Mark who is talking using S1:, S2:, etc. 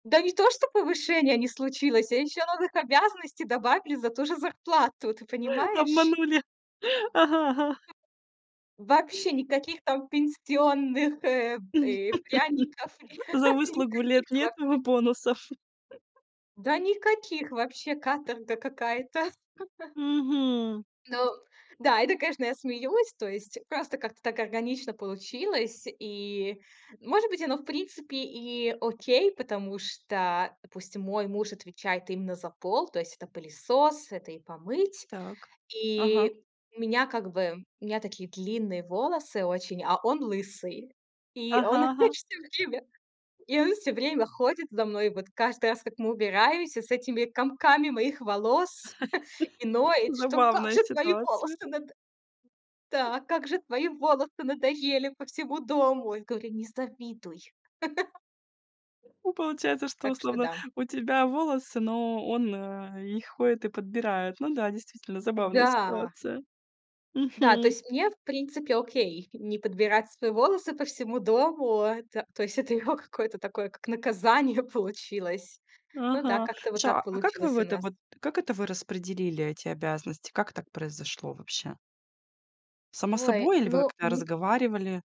S1: Да не то что повышения не случилось, а ещё новых обязанностей добавили за ту же зарплату, ты понимаешь?
S2: Обманули, ага ага.
S1: Вообще никаких там пенсионных, э, э, пряников, ника
S2: За выслугу лет
S1: никаких
S2: нет
S1: вообще.
S2: ему бонусов?
S1: Да, никаких вообще, каторга какая-то.
S2: Мгм.
S1: Ну да, это, конечно, я смеюсь. То есть просто как-то так органично получилось. И, может быть, оно, в принципе, и окей, потому что пусть мой муж отвечает именно за пол. То есть это пылесос, это и помыть.
S2: Так. Ага.
S1: И меня как бы у меня такие длинные волосы очень, а он лысый. И он
S2: Ага ага.
S1: опять всё время И он всё время ходит за мной. Вот каждый раз, как мы убираемся, с этими комками моих волос. И ноет, что: "Как
S2: Забавная
S1: же твои
S2: ситуация.
S1: волосы надо да как же твои волосы надоели по всему дому". Я говорю: "Не завидуй".
S2: Ну, получается, что
S1: Так что
S2: условно
S1: да.
S2: у тебя волосы, но он, э, их ходит и подбирает. Ну да, действительно забавная
S1: Да.
S2: ситуация.
S1: Да, то
S2: Мгм.
S1: есть мне, в принципе, окей. Не подбирать свои волосы по всему дому- это То есть это его какое-то такое как наказание получилось. Ну да,
S2: Ага,
S1: как-то вот так
S2: слушай, а как вы в
S1: получилось у
S2: это
S1: нас.
S2: вот, как это вы распределили эти обязанности? Как так произошло вообще? Само
S1: Ой,
S2: собой, или вы
S1: ну,
S2: как-то
S1: ми
S2: разговаривали?